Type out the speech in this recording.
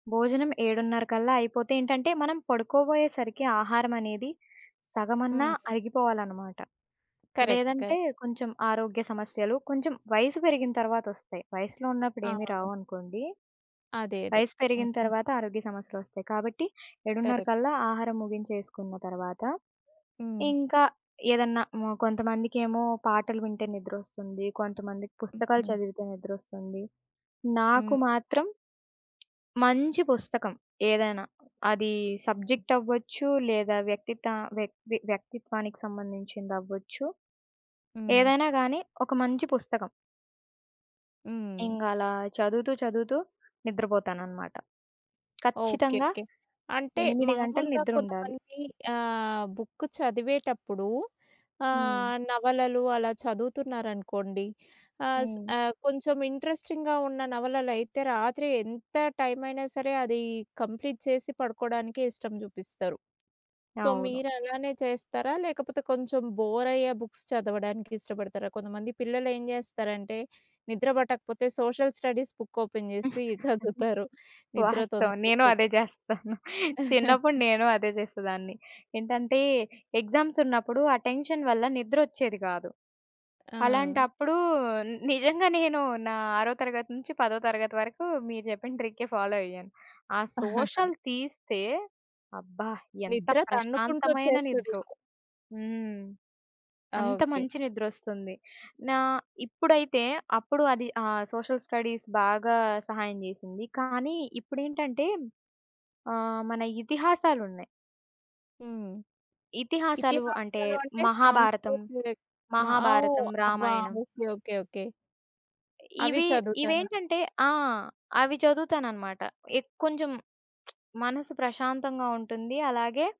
భోజనం ఏడున్నరకల్లా అయిపోతే ఏంటంటే మనం పడుకోబోయే సరికి ఆహారమనేది సగమన్నా హ్మ్. అరిగిపోవాలనమాట. కరెక్ట్. లేదంటే కరెక్ట్. కొంచెం ఆరోగ్య సమస్యలు, కొంచెం వయసు పెరిగిన తరువాతొస్తాయి. వయస్సులో ఉన్నప్పుడు ఏమి అవును. రావనుకోండి. అదే. అదే. వయసు పెరిగిన హుహు. తరువాత ఆరోగ్య సమస్యలోస్తాయి. కాబట్టి కరెక్ట్. ఏడున్నరకల్లా ఆహారం ముగించేసుకున్న తరువాత హ్మ్. ఇంకా ఏదన్నా మొ కొంతమందికేమో పాటలు వింటే నిద్రొస్తుంది. కొంతమందికి పుస్తకాలు హుహు. చదివితే నిద్రొస్తుంది. నాకు హ్మ్. మాత్రం మంచి పుస్తకం, ఏదైనా. అది సబ్జెక్ట్ అవ్వచ్చు, లేదా వ్యక్తిత వ్యక్తి వ్యక్తిత్వానికి సంబంధించిందవ్వచ్చు. హ్మ్. ఏదైనా గాని ఒక మంచి పుస్తకం. హ్మ్. ఇంగ అలా చదువుతూ చదువుతూ నిద్రపోతాననమాట. ఓకే. ఖచ్చితంగా ఓకే. అంటే 8 గంటలు మామూలుగా నిద్రుండాలి. కొంతమంది ఆహ్, బుక్ చదివేటప్పుడు హ్మ్. ఆహ్, నవలలు అలా చదువుతున్నారనుకోండి ఆహ్, స్ హ్మ్. ఆహ్, కొంచెం ఇంట్రెస్టింగ్‌గా ఉన్న నవలలయితే రాత్రి ఎంత టైమైనా సరే అది కంప్లీట్ చేసి పడుకోవడానికే ఇష్టం జూపిస్తారు. సో అవును. మీరలానే చేస్తారా? లేకపోతే కొంచెం బోరయ్యే బుక్స్ చదవడానికి ఇష్టపడతారా? కొంతమంది పిల్లలేం జేస్తారంటే నిద్ర బట్టకపోతే సోషల్ స్టడీస్ బుక్ ఓపెన్ జేసి చదువుతారు. నిద్ర వాస్తవం నేను అదే తొందరగొస్తదని. జేస్తాను. చిన్నప్పుడు నేను అదే జేసేదాన్ని. ఏంటంటే ఎగ్జామ్స్ ఉన్నప్పుడు ఆటెన్షన్ వల్ల నిద్రొచ్చేది గాదు, ఆ! అలాంటప్పుడు నిజంగా నేను నా ఆరో తరగతి నుంచి పదో తరగతి వరకు మీరు చెప్పిన ట్రికే ఫాలో అయ్యాను. ఆ సోషల్ తీస్తే అబ్బా! ఎంత నిద్ర తన్నుకుంటూ ప్రశాంతమైన ఒచ్చేస్తది. నిద్రో. హ్మ్. అంత ఓకే. మంచి నిద్రొస్తుంది. నా ఇప్పుడైతే అప్పుడు అది ఆహ్, సోషల్ స్టడీస్ బాగా సహాయం జేసింది. కానీ, ఇప్పుడేంటంటే ఆహ్, మన ఇతిహాసాలున్నాయి. హ్మ్. ఇతిహాసాలు అంటే ఇతిహాసాలు అంటే మహాభారతం, సాంస్కృతిక మ ఓహ్! మహాభారతం, అవా? రామాయణం. ఓకే. ఓకే. ఓకే. అవి ఇవి చదువుతారా? ఇవేంటంటే ఆ! అవి చదువుతానన్నమాట. ఎక్ కొంచెం మనసు ప్రశాంతంగా ఉంటుంది. అలాగే